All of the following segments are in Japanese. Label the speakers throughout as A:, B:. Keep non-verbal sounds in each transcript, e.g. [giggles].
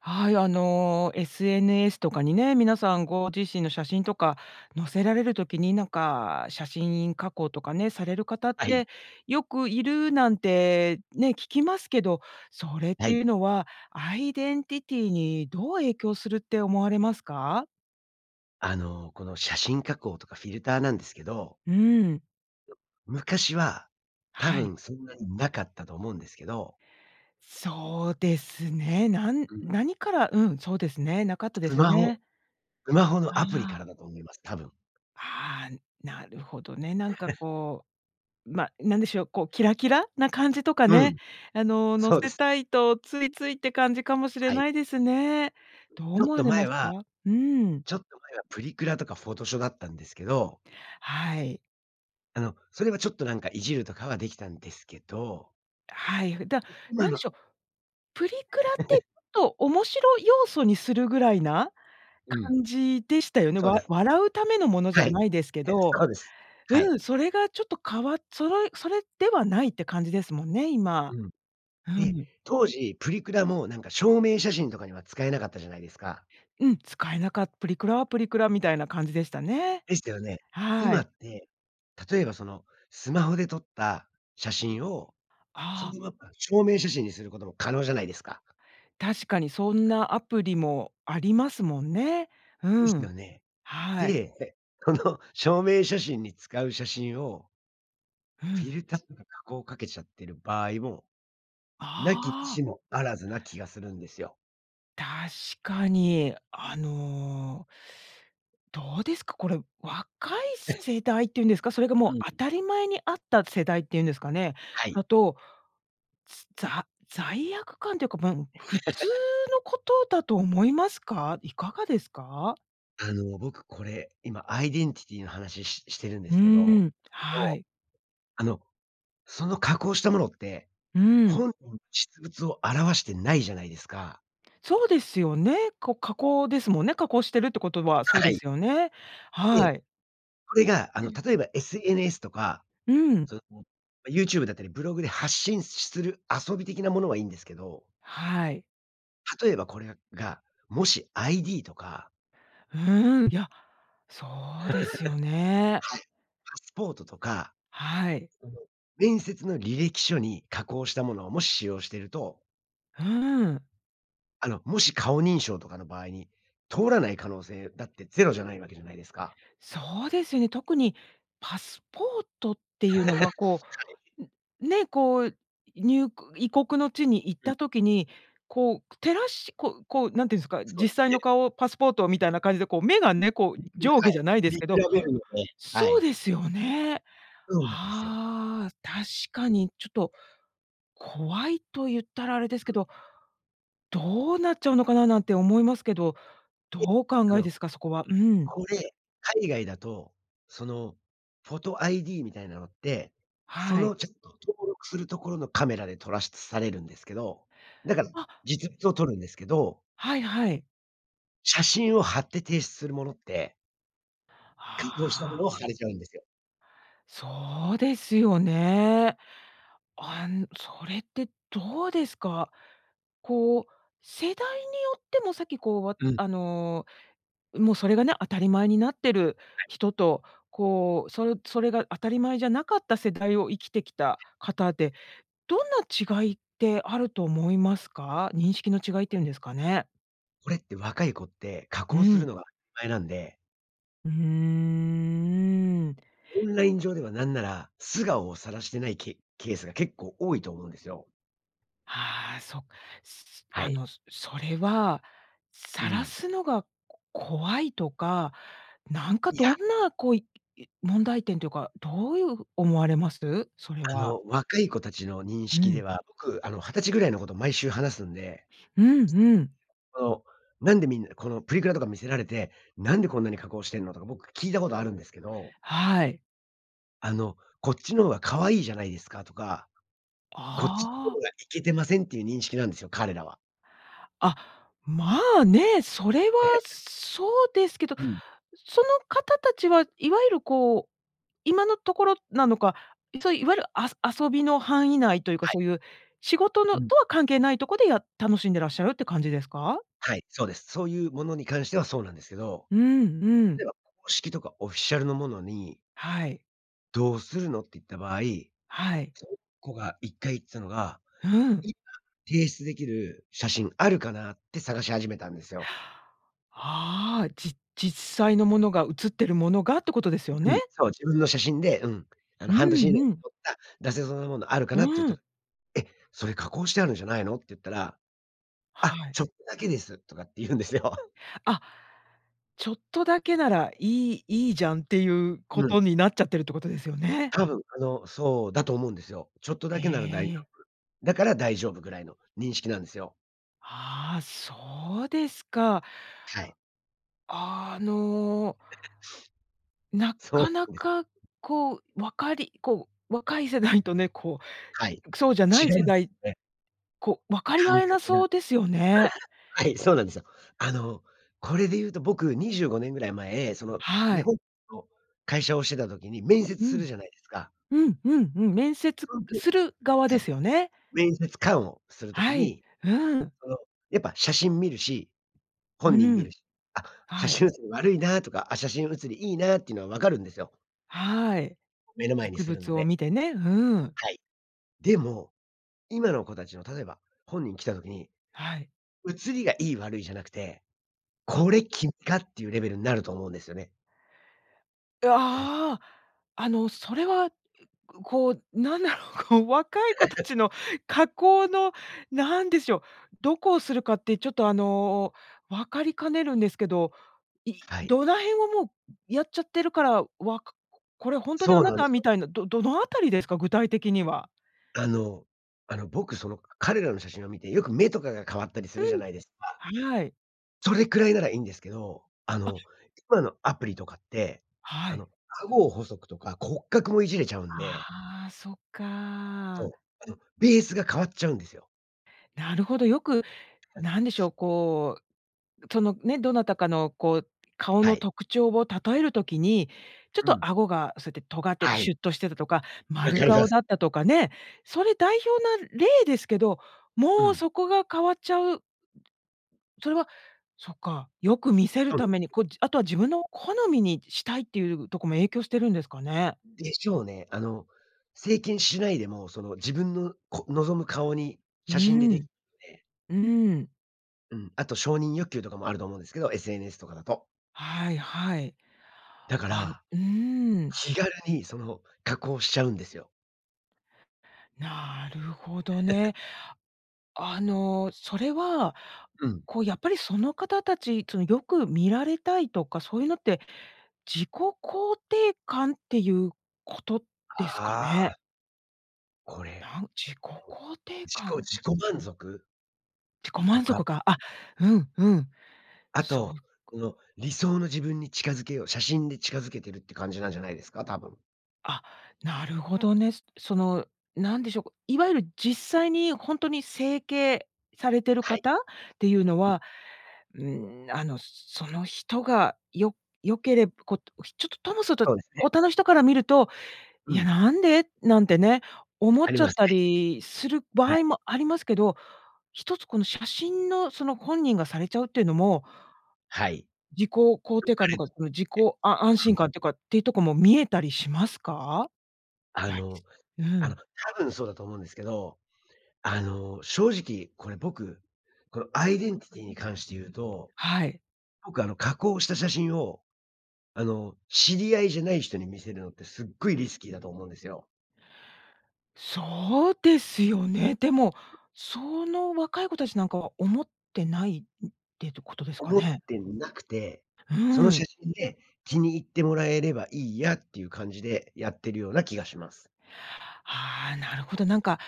A: はい、あの SNS とかにね、皆さんご自身の写真とか載せられる時に、なんか写真加工とかね、される方っ
B: はい。
A: て、よくいるなんて、ね、聞きますけど、それっ
B: は
A: てい
B: い。
A: うのは、アイデンティティーにどう影響するって思われますか？
B: あの、この写真加工とかフィルターなんですけど
A: うん。
B: む昔は、多
A: はい。
B: 分そんなになかったと思うんですけど。
A: そうですね。なん
B: うん。
A: 何からうん、そうですね、なかったで
B: ス
A: す
B: マホ、
A: ね。
B: スマホの
A: あ
B: アプリから
A: あ。
B: だと思います、多分。
A: ああ。なるほどね。なんか
B: [chuckles]
A: こう、ま、何でしょう、こう、キラキラな感じとか
B: う
A: ね、
B: ん。
A: あの、載
B: そうで
A: せ
B: す。
A: たいと、ついついって感じかもしれ
B: は
A: な
B: い。
A: いですね。どう
B: ちょ
A: 思
B: っ
A: わ
B: と
A: れ
B: 前
A: ますか？
B: は、
A: うん。
B: ちょっと前は、プリクラとかフォトショだったんですけど
A: はい。
B: あの、それはちょっと、なんかいじるとかはできたんですけど
A: はい。ふでは、
B: う今
A: 何で
B: の。
A: しょう。プリクラって、
B: [laughs]
A: ちょっと、面白要素にするぐらいな、
B: うん。
A: 感じでしたよね。
B: そうで
A: わ
B: すね。
A: 笑うためのものじゃ
B: はい。
A: ないですけ
B: [chuckles]
A: ど。
B: そうです。はい。
A: うん、それがちょっと変わっそらい、それではないって感じですもんね、今。
B: うん。
A: う
B: で、
A: ん。
B: 当時、プリクラも何か証明写真とかには、使えなかったじゃないですか？
A: うん、使えなかっプリクラはプリクラみたいな感じでしたね。
B: でしたよね。
A: は
B: 今
A: い。
B: って、例えばそのスマホで撮った写真を、そ
A: ああ。
B: のまま証明写真にすることも、可能じゃないですか。
A: 確かに、そんなアプリもありますもんね。
B: で
A: う
B: すよ
A: ん。
B: ね。
A: はい。
B: で、この証明写真に使う写真を
A: う
B: フィ
A: ん。
B: ルターとか加工をかけちゃってる場合も、無きに
A: あ
B: し
A: あ。
B: も非ずな気がするんですよ。
A: 確かに。あのどうですか、これ、若いす
B: [chuckles]
A: 世代って言うんですか？それが
B: う
A: も
B: ん。
A: う当たり前にあった世代って言うんですかね。
B: はい。
A: あと、つざ罪悪感っていうか、もう、普通
B: [laughs]
A: のことだと思いますか？いかがですか？
B: あの、僕これ、今アイデンティティの話、ししてるんで
A: う
B: すけ
A: ん
B: ど、
A: うん。
B: こ
A: は
B: の、
A: い。
B: あの、その加工したものって、
A: うん。
B: ほん [unintelligible] 実物を表してないじゃないですか。
A: そうですよね。こう加工ですもんね、加工してるってことは、そう
B: は
A: で
B: い。
A: すよね。
B: え、
A: はい。
B: これが、あ
A: う
B: の、
A: ん。
B: 例えば SNS とか、
A: うん。
B: その YouTube だったりブログで発信しする、遊び的なものはいんですけど
A: はい。
B: 例えばこれが、もし、ID とか
A: うーん、いや、そうですよ
B: [laughs]
A: ね。
B: はい。パスポートとか
A: はい。
B: その、面接の履歴書に加工したものをもし使用していると
A: ふーん。
B: あの、もし顔認証とかの場合に、通らない可能性だって0じゃないわけじゃないですか。
A: そうですよね、特にパスポートって
B: [laughs]
A: い
B: は
A: うのは、こ
B: い。
A: う、んね、こう、にゅう異国の地に行っ
B: うん。
A: た時に、こう照らしこうこう、なんて言うんですか、
B: そう
A: 実
B: です
A: 際
B: ね。
A: の顔、パスポートみたいな感じで、こう目が
B: うん、
A: ね、こう
B: 見く
A: 上
B: ら
A: 下
B: は
A: じ
B: い。
A: ゃないで
B: 見
A: す
B: 比
A: けど
B: べるので、は
A: そう
B: い。
A: ですよね。
B: そうなんですよ。
A: ああ、確かにちょっと怖いと言ったら、あれです
B: う
A: け
B: ん。
A: ど、どうなっちゃうのかな、なんて思いますけど、どう
B: で、
A: お
B: あ
A: 考えで
B: の、
A: すか？そこはうん。
B: これ海外だと、そのフォト ID みたいなのって、そ
A: はい。
B: のちょっと登録するところのカメラで撮らしされるんですけど、だから
A: あ。
B: 実物を撮るんですけど
A: はいはい。
B: 写真を貼って提出するものって偽造した
A: は
B: もの
A: あ。
B: を貼れちゃうんですよ。
A: そうですよね。あんそれってどうですか？こう、世代によっても、さっきこう、
B: うん。
A: あの、もうそれがね、当たり前になってる
B: はい。
A: 人と、こう、そそれが当たり前じゃなかった世代を生きてきた方で、どんな違いってあると思いますか？認識の違いって言うんですかね。
B: これって若い子って、加
A: う
B: 工する
A: ん。
B: のがなんで
A: うーん、うん。
B: オンライン上では何なら、素顔を晒してないケケースが、結構多いと思うんですよ。
A: はあ、そっ、すす
B: は
A: あ
B: い。
A: の、それは、
B: う
A: 晒
B: ん。
A: すのがこ怖いとか、なんか
B: い
A: どん
B: や。
A: なこういい問題点というか、どういう思われます？それ
B: あ
A: は。
B: の、若い子たちの認
A: う
B: 識で
A: ん。
B: は、僕、あの、20歳ぐらいの子と、毎週話すんで。
A: うんうん。
B: その、なんでみんなこのプリクラとか見せられて、なんでこんなに加工してんのとか、僕聞いたことあるんですけど
A: はい。
B: あの、「こっちの方が可愛いじゃないですか」とか、「こっちの
A: あ
B: 方
A: あ。
B: がイケてません」っていう認識なんですよ、彼らは。
A: あ、まあ、ね。それは
B: ええ、え。
A: そうですけど。
B: うん。
A: その方たちは、いわゆるこう、今のところなのか、いそいわゆるあそ遊びの範囲内というか、
B: はい。
A: そういう仕事
B: う
A: の
B: ん。
A: とは関係ないとこで、やっ楽しんでらっしゃるって感じですか？
B: はい、そうです。そういうものに関しては、そうなんですけど。
A: うんう
B: 例
A: ん。
B: えば、公式とかオフィシャルのものに
A: はい。
B: 「どうするの」って言った場合、
A: はい。
B: その子が1回言ってたのが、
A: うん。
B: 「今、提出出来る写真あるかな」って探し始めたんですよ。
A: [inhales] ああ、じ実際のものが、映ってるものがって事ですよ
B: う
A: ね？
B: ん、そう、自分の写真で、うん、あの、
A: う
B: 「半年以内
A: ん
B: に
A: うん。
B: 撮った出せそうなものあるか
A: う
B: な」ってゆった
A: ん。
B: 「え、それ加工してあるんじゃないの」ってゆったら、
A: は
B: 「あ、
A: い。
B: ちょっとだけです」とかってゆんですよ。
A: あ、ちょっとだけならいいいいじゃん、ってゆう
B: うん。
A: 事になっちゃってるって事ですよね。
B: 多分、あの、そうだと思うんですよ。ちょっとだ
A: へ
B: けなら大丈
A: え。
B: 夫、だから大丈夫、ぐらいの認識なんですよ。
A: ああ、そうですか。
B: はい。
A: あの
B: [chuckles]
A: な
B: そ
A: かな
B: うです。
A: か、こう、分かりこう、若い世代とね、こ
B: はい、
A: う、そうじゃない
B: 違うん
A: 世
B: です
A: 代、
B: ね。
A: こう、分かり合
B: 感
A: えな
B: 覚が。
A: そうですよね。
B: はい、そうなんですよ。あの、これでゆうと、僕、25年ぐらい前、その、
A: は
B: 日
A: い。
B: 本の会社をしてた時に、面接
A: う
B: する
A: ん、
B: じゃないですか
A: うんうんうん、面接
B: そんと
A: する側
B: は
A: で
B: い。
A: すよね？
B: 面接官をする時
A: はい。
B: に、
A: うん。
B: その、やっぱ写真見るし、
A: う
B: 本人
A: う
B: 見
A: ん。
B: るし、「あ、写
A: はい。
B: 真写り悪いな」とか、「あ、写真写りいいな」ってのは分かるんですよ。
A: はい。
B: 目の前に
A: 実
B: するの
A: 物を
B: で。
A: 見てね、うん。
B: はい。でも、今の子達の、例えば、本人来た時に、
A: はい。
B: 写りがいい悪いじゃなくて、
A: あ。
B: 「これ、君か」っていうレベルになると思うんですよね。
A: う、
B: [chuckles]
A: ああ、あの、それはこう、なんだろう、こう、若い子たち
B: [laughs]
A: の加工の、なんでしょう、どこをするかって、ちょっと、あの、分かりかねるんですけど、い
B: はい。
A: 土台をもう、やっちゃってるから、わか「これ、ほんとにあ
B: そう
A: な
B: なんで
A: た」
B: す
A: み
B: よ。
A: たいなど、どの辺りですか？具体的には。
B: あのあの、僕、その、か彼らの写真を見てよく目とかが変わったりす
A: う
B: るじゃ
A: ん、
B: ないですか？
A: はーい。
B: それくらいならいんですけど、あ
A: あ
B: の、今のアプリとかって、
A: は
B: あの、
A: い。
B: 顎を細くとか骨格もいじれちゃうんで
A: ああ、そっ
B: そ
A: か。
B: う、あの、ベースが変わっちゃうんですよ。
A: なるほど、よく、
B: [unintelligible]
A: なんでしょう、こう、そのね、どなたかのこう、顔
B: は
A: の
B: い。
A: 特徴を例える時に、ちょっ
B: う
A: と
B: ん。
A: 顎がそうやって尖ってて、
B: はい。
A: シュッとしてたとか、
B: わか
A: 丸
B: りま
A: 顔
B: す。
A: だったとかね。それ代表な例ですけど、
B: う
A: もう
B: ん。
A: そこが変わっちゃう。それは、そっか、よく見せる
B: そうで
A: ため
B: す。
A: に、こう、じあとは自分の好みにしたいっていうとこも影響してるんですかね？
B: でしょうね。あの、整形しないでもその自分の、こ望む顔に
A: う
B: 写真ででき
A: ん。
B: で。
A: うん。
B: うん。あと承認欲求とかもあると思うんですけど、SNS とかだと。
A: はいはい。
B: だか
A: あんう
B: ら、
A: ーん。
B: 気軽に、その、加工しちゃうんですよ。
A: なるほどね。
B: [giggles]
A: あの、それは、
B: うん。
A: こう、やっぱりその方たち、その、よく見られたいとか、そういうのって、自己肯定感っていうことですか
B: あ
A: ね？
B: あ。これ。
A: なん自己
B: [unintelligible]
A: 肯定
B: 自己
A: 感。
B: 自己満足？
A: 自己
B: と
A: 満
B: か
A: 足か。あ、うん、うん。
B: あ
A: そう
B: と、
A: か。
B: うの理想の自分に近づけよう、写真に近づけてるって感じなんじゃないですか？多分。
A: あ、なるほどね。すその何でしょうか、いわゆる実際にほんとに整形されてる
B: はい。
A: 方っていうの
B: うん。
A: は、うん、あの、その人がよ良けれぶ、ことひちょっと、ともそと
B: そうですね。
A: ほたの人から見ると
B: う
A: 「いや、
B: ん。
A: なんで？」なんてね、思
B: あ
A: っ
B: り
A: ちゃっ
B: ます
A: た
B: ね。
A: りする
B: は
A: 場
B: い。
A: 合もありますけど、一つこの写真のその本人がされちゃうってのも
B: はい。よ
A: 自己肯定
B: か
A: 感と
B: れ
A: か、
B: と
A: その自己
B: え、
A: あ安
B: う
A: 心
B: ん。
A: 感てか、っていうとこも見えたりしますか？
B: あ
A: やり
B: の、
A: すう
B: あの、
A: ん。
B: 多分そうだと思うんですけど、あの、正直これ僕、このアイデンティティに関して言うと、
A: はい。
B: 僕あの、加工した写真をあの、知り合いじゃない人に見せるのって、すごいリスキーだと思うんですよ。
A: そうですよね。でも、その若い子たちなんかは思ってないってとことですか
B: 思っ
A: ね？
B: てなくて、その
A: う
B: 写
A: ん。
B: 真で気に入ってもらえればいいやっていう感じで、やってるような気がします。
A: ああ、なるほど、なんか、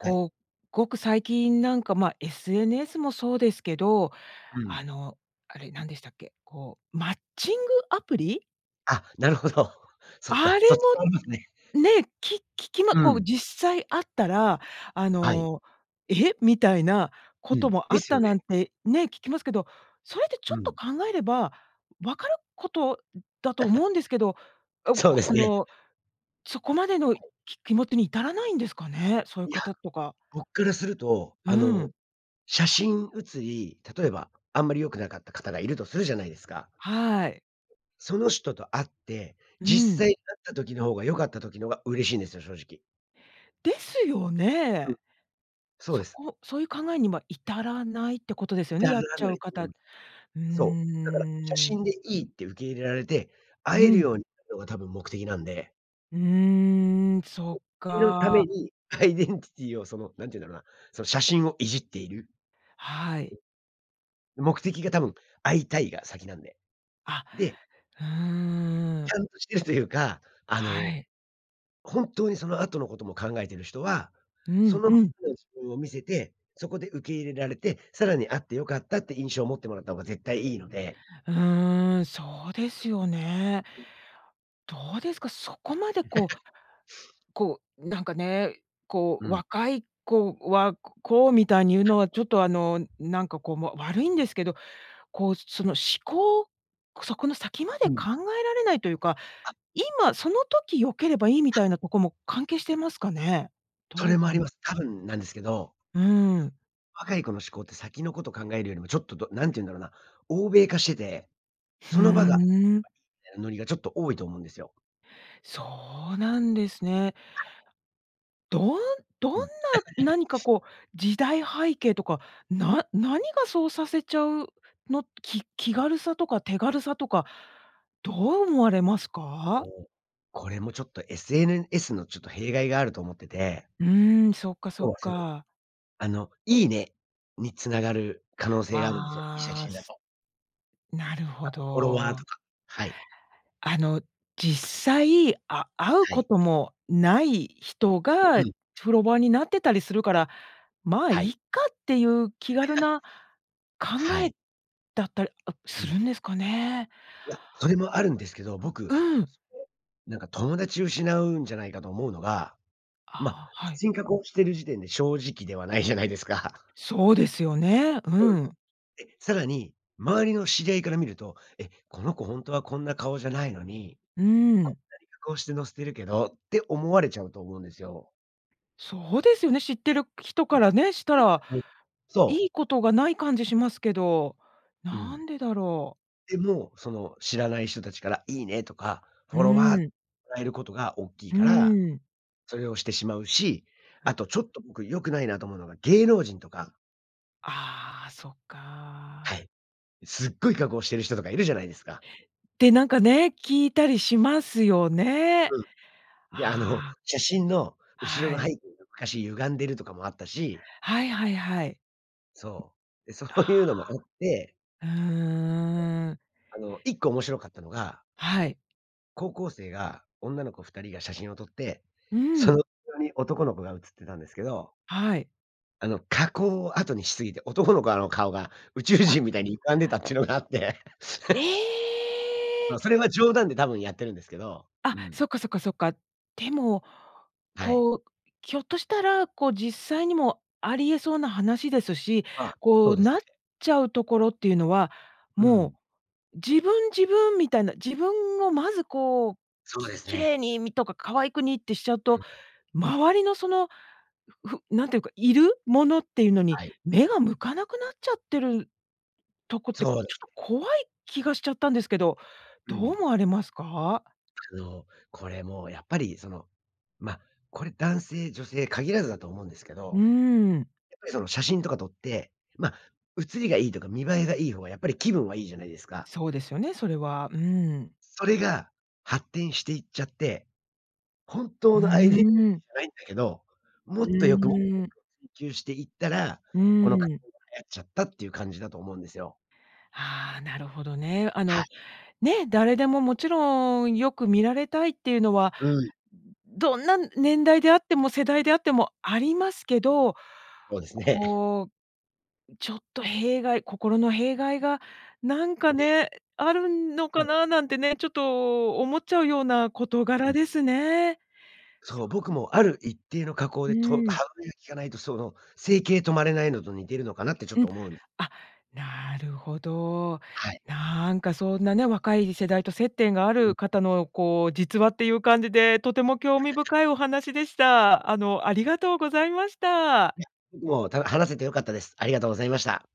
B: はい。
A: う、ごく最近なんかまあ、SNS もそうですけど、
B: う
A: あ
B: ん。
A: の、あれ、なんでしたっけ、こう、マッチングアプリ。
B: あ、なるほど。そっ
A: あ
B: か。
A: れ
B: そっちもありますね。
A: も、ね、き聞きま
B: う
A: こう
B: ん。
A: 実際会ったら、あ
B: はい。
A: の「えっ」みたいなこ
B: う
A: と
B: ん、
A: もあ
B: で
A: っ
B: す
A: た
B: よ
A: な
B: ね。
A: んて、ね、聞きますけど、それってち
B: う
A: ょっと
B: ん。
A: 考えれば、分かること、うだと思
B: [chuckles]
A: うんですけど、あ、
B: そ
A: ご
B: う
A: あ
B: です
A: あ
B: ね。
A: の、そこまでの、い
B: [unintelligible]
A: き気持ちに至らないんですかね？そういう
B: いや、
A: 方とか。
B: 僕からすると
A: う
B: あの、
A: ん。
B: 写真写り、例えば、あんまり良くなかった方がいるとするじゃないですか？
A: はい。
B: その人と会って、
A: う
B: 実
A: ん。
B: 際会った時の方が良かった時の方が嬉しいんですよ、正直。
A: ですよ
B: うん。
A: ね。
B: そう
A: そ
B: です。
A: こ、そういう考えには至らないってことですよね、やっちゃう方。う
B: [unintelligible] そう。だから、写
A: ーん。
B: 真で良いって受け入れられて、会え
A: う
B: る
A: ん。
B: ようになるのが多分目的なんで
A: うーん、そ
B: そっ
A: っ
B: ちのため
A: か。
B: にアイデンティティをその、何て言うんだろうな、その写真をいじっている
A: はい。
B: 目的が多分、会いたいが先なんで。
A: あ、
B: で
A: うー
B: ち
A: ん。
B: ゃんとしてるというか、あ
A: は
B: の、
A: い。
B: 本当にその後のことも考えてる人は、
A: う
B: そ
A: ん
B: のま
A: うん。
B: の自分を見せて、そこで受け入れられて、さらに会って良かったって、印象を持ってもらった方が絶対良いので
A: うーん、そうですよね。どうですか、そこまでこ
B: [giggles]
A: うこう、なんかね、こ
B: う
A: う、
B: ん。
A: 若い子は、ここう、みたいに言う
B: は
A: の
B: い。
A: はちょっとあの、なんかこうもう悪いんですけど、こう、その思考そこの先まで
B: う
A: 考
B: ん。
A: えられないというか、
B: あ。
A: 今その時良ければいいみ
B: は
A: た
B: い。
A: いなとこも、関係してますかね？
B: そ
A: ど
B: れ
A: う
B: もあ
A: か
B: り
A: な。
B: ます。多分なんですけど
A: うん。
B: 若い子の思考って先のこと考えるよりもちょっとどなんて言うんだろうな、欧米化してて、
A: ふう
B: その場が良けれ
A: ん。
B: ばいいみたいなノリがちょっと多いと思うんですよ。
A: そうなんですね。
B: はい。
A: どんどんな、
B: うん。[laughs]
A: 何かこう、時代背景とか、な何がそうさせちゃう、のき気軽さとか手軽さとか、どう思われますか？
B: おお。これもちょっと SNS のちょっと弊害があると思ってて
A: うん、そっかそ
B: 要
A: っ
B: はその、
A: か。
B: あの、いいね、に繋がる可能性があるんですよ。良い写
A: ああ、
B: 真だ
A: す
B: と。
A: なる
B: あ
A: ほ
B: と、フォロワーと
A: ど。
B: か。はい。
A: あの、実際、あ会う
B: は
A: こ
B: い。
A: ともない人
B: うう
A: が、
B: ん。
A: フォロワーになってたりするから、「まあ、い
B: は
A: い
B: い。
A: か」っていう気軽
B: [laughs]
A: な考
B: は
A: え、
B: い。
A: だったりあ
B: う
A: す
B: ん。
A: るんですかね。
B: いや、それもあるんですけど、
A: あ、
B: 僕、
A: うん。
B: それ、なんか友達失うんじゃないかと思うのが、ま、
A: ああ、は
B: 写
A: い。
B: 真加工している時点で正直ではないじゃないですか。
A: そうですよね。
B: う
A: う
B: ん。
A: ん。
B: で、更に、周りの知り合いから見ると、「え、この子ほんとはこんな顔じゃないのに、
A: う
B: こん
A: ん。
B: なに加工して載せてるけど。」って思われちゃうと思うんですよ。
A: そうですよね、知ってる人
B: うん、
A: からね、したら、
B: [unintelligible] そう。
A: いいことがない感じしますけど、
B: う
A: な
B: ん。
A: んでだろう。
B: でも、その知らない人たちからいいねとか、フ
A: う
B: ォロワー
A: ん。
B: らえることがおっきい
A: う
B: から、
A: ん。
B: それをしてしまうし、
A: は。
B: あとちょっと僕良くないなと思うのが芸能人とか
A: ああ、そっ
B: は
A: か。
B: い。すっごい加工してる人とかいるじゃないですか？
A: てなんかね、聞いたりしますよね。
B: うん。で、あの、
A: ああ。
B: 写真の後ろ
A: は
B: の背
A: い。
B: 景がおかしい歪んでるとかもあったし。
A: はいはいはい。
B: そう。で、そういうのもあって
A: うんうんうんうん。
B: あの1個面白かったのが
A: はい。
B: 高校生が女の子2人が写真を撮って、
A: う
B: その
A: ん。
B: 後ろに男の子が写ってたんですけど
A: はい。
B: あの、加工を後にしすぎて、男の子あの顔が宇宙
A: あ
B: 人みたいに歪んでたっていうのがあって。
A: え
B: [laughs] ま、
A: え。
B: それは冗談で多分やってるんですけど。
A: あ、
B: うん。
A: そっかそっかそっか。でも、
B: はい。
A: こう、ひょっとしたら、こう実際にもあり得そうな話ですし、
B: あ、
A: こ
B: そう
A: う、
B: です
A: なっ
B: ね。
A: ちゃうところっていうのは、
B: う
A: も
B: ん。
A: う、自分自分みたいな、自分をまずこう、
B: そうで
A: き
B: す
A: 綺
B: ね。
A: 麗にみとか可愛くにってしちゃう
B: う
A: と、
B: ん。
A: 周りのその、ふなんて言うか、いるものっていうのに
B: はい。
A: 目が向かなくなっちゃってるとこってちょ
B: そうで
A: っ
B: す
A: と
B: ね。
A: 怖い気がしちゃったんですけど、
B: う
A: どう
B: ん。
A: 思われますか？
B: あの、これもうやっぱりその、ま、これ男性女性限らずだと思うんですけ
A: う
B: ど。
A: ーん。
B: やっぱりその写真とか撮って、ま、写りがいいとか見栄えがいい方が、やっぱり気分はいいじゃないですか？
A: そうですよね、それは。うん。
B: それが、発展していっちゃって、本
A: う
B: 当のアイデンじ
A: ーん。
B: ゃないんだけど、
A: う
B: もっとよく、もっとよ
A: ーん。
B: くを追求していったら、
A: うー
B: この加
A: ん。
B: 工が流行っちゃったっていう感じだと思うんですよ。
A: あ、なるほどね。あ
B: は
A: の、
B: い。
A: ね。誰でももちろんよく見られたいっていうのは、
B: うん。
A: どんな年代であっても世代であってもありますけど。
B: そうですね。[chuckles]
A: こう、ちょっと弊害心の弊害がなんか
B: ね。
A: ね、あるの
B: そ
A: か
B: う。
A: ななんてね、ちょっと思っちゃうような事
B: うう
A: 柄
B: ん。
A: ですね。
B: そう。
A: そう。
B: 僕もある一定の加工
A: う
B: で、と
A: ん。
B: 歯止めが効かないとその、整形止まれないのと似てるのかなってちょっ
A: うん。
B: と思うん
A: あ、なるほど。
B: はい。
A: なんかそんなね、若い世代と接点があ
B: う
A: る
B: ん。
A: 方のこう、実話っていう感じで、とても興味深
B: [laughs]
A: いお話でした。あの、ありがとうございました。
B: え、僕も、たよ話せてよかったです。ありがとうございました。